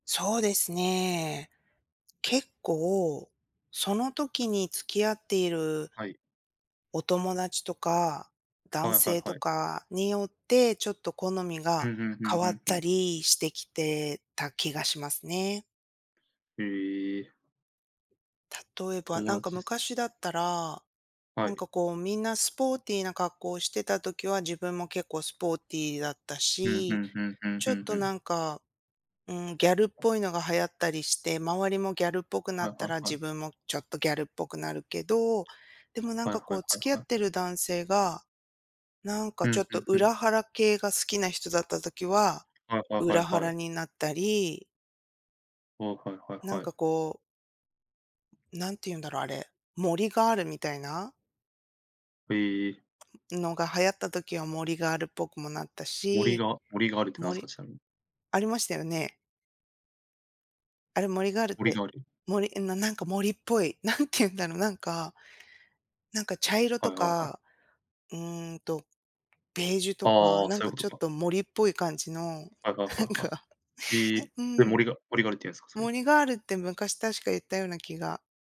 そうですね。結構、その時に付き合っているはい。お友達とか男はいは性いとはい。かによって、ちょっと好みうがん、ふんふん変ふわんっふたん。りしてきてた気がしますね。へえ。例えば、友なんか達す。昔だったら、はなんい。かこう、みんなスポーティな格好してた時は自分も結構スポーティーだったうん、ふし、んふんふんちふょっんふとなん。んか、うーん、ギャルっぽいのが流行ったりして、周りもギャルっぽくなはいっはたいらは自い。分もちょっとギャルっぽくなるけど、でもなんはいかはこいう、はい、付き合っはい。てる男性が、なんかうちょん、っふとんふん。裏ハラ系が好きな人だった時ははいはいはい裏ハはラい。になったりう、はいはいなんはかい。こうなんてゆんだろあれ、森ガールみたいなへえ。のが流行った時は森ガールっぽくもなった森し、が森ガールって何すか？森ちなみに。ありましたよね？あれ、森ガールっ森てガール。森え、ななんか森っぽい、なんてゆんだろう、なんか、なんか茶色はといはい、はい。か、うーんと、ベージュとあか、あああ、なんそゆかことちょっか。と森っぽい感じの、なはいはいはんいはか、い。へえ、うそれ、ん。森が森ガールってゆうんですか、それ。森ガールって昔、確か、ゆったような気が